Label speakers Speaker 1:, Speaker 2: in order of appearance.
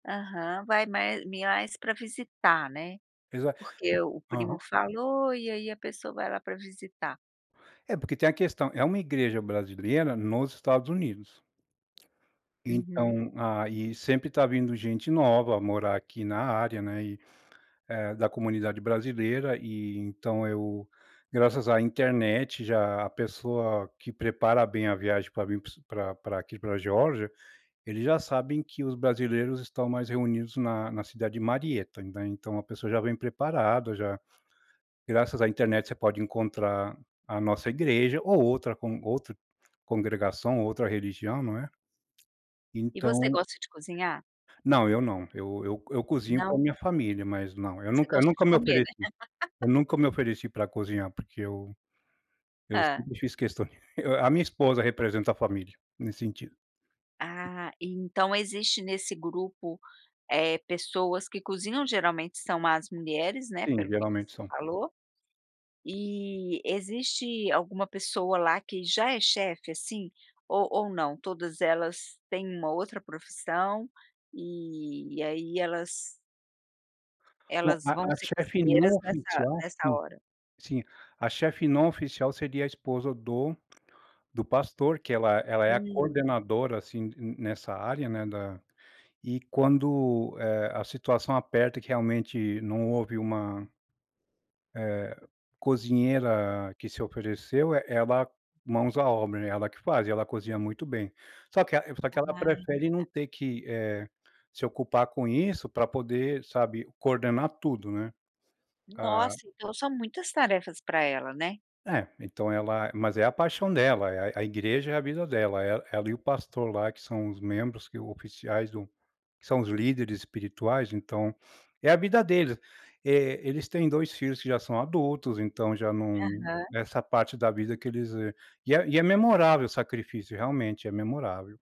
Speaker 1: Aham. Vai mais mais pra visitar, né.
Speaker 2: Exat
Speaker 1: Porque o
Speaker 2: o
Speaker 1: primo
Speaker 2: aham.
Speaker 1: falou e aí a pessoa vai lá pra visitar.
Speaker 2: É, porque tem a questão é uma igreja brasileira nos Estados Unidos.
Speaker 1: Uhum.
Speaker 2: Então, ah, e sempre tá vindo gente nova morar aqui na área, né, e, eh, da comunidade brasileira, e, então eu graças à internet, já a pessoa que prepara bem a viagem pra vir p pra pra aqui, pra Geórgia, eles já sabem que os brasileiros estão mais reunidos na na cidade de Marietta, né. Então, a pessoa já vem preparada, já. Graças à internet, você pode encontrar a nossa igreja ou outra con outra congregação ou outra religião, não é.
Speaker 1: E você
Speaker 2: Então
Speaker 1: gosta de cozinhar?
Speaker 2: Não, eu não. Eu eu eu cozinho pra
Speaker 1: Não?
Speaker 2: minha família mas, não. Eu
Speaker 1: Você
Speaker 2: nunca eu
Speaker 1: gosta de
Speaker 2: nunca me
Speaker 1: comer, né?
Speaker 2: ofereci. Eu nunca me ofereci pra cozinhar porque eu eu
Speaker 1: Hã.
Speaker 2: sempre fiz questão a a minha esposa representa a família, nesse sentido.
Speaker 1: Ah, então existe, nesse grupo, eh, pessoas que cozinham geralmente são as mulheres, né,
Speaker 2: Sim,
Speaker 1: pelo que
Speaker 2: geralmente
Speaker 1: você
Speaker 2: são.
Speaker 1: falou, e existe alguma pessoa lá que já é chef, assim, ou ou não? Todas elas têm uma outra profissão e e aí elas
Speaker 2: Não,
Speaker 1: elas vão
Speaker 2: a a
Speaker 1: ser
Speaker 2: chef não
Speaker 1: cozinheiras nessa
Speaker 2: oficial,
Speaker 1: nessa
Speaker 2: sim.
Speaker 1: hora?
Speaker 2: Sim. A chef não oficial seria a esposa do do pastor, que ela ela é a
Speaker 1: Hum.
Speaker 2: coordenadora, assim, n nessa área, né, da e quando, eh, a situação aperta, que realmente não houve uma eh, cozinheira que se ofereceu, e ela mãos à obra, né, ela que faz. Ela cozinha muito bem. Só que a só que ela
Speaker 1: Ah,
Speaker 2: prefere não
Speaker 1: tá.
Speaker 2: ter que, eh, se ocupar com isso pra poder, sabe, coordenar tudo, né. A
Speaker 1: Nossa, então são muitas tarefas pra ela, né.
Speaker 2: É. Então, ela mas é a paixão dela. É é a igreja é a vida dela. E ela e o pastor lá que são os membros que oficiais do que são os líderes espirituais, então, é a vida deles. Eh, eles têm 2 filhos que já são adultos, então já não
Speaker 1: Aham.
Speaker 2: nessa parte da vida que eles, eh e é e é memorável o sacrifício, realmente, é memorável.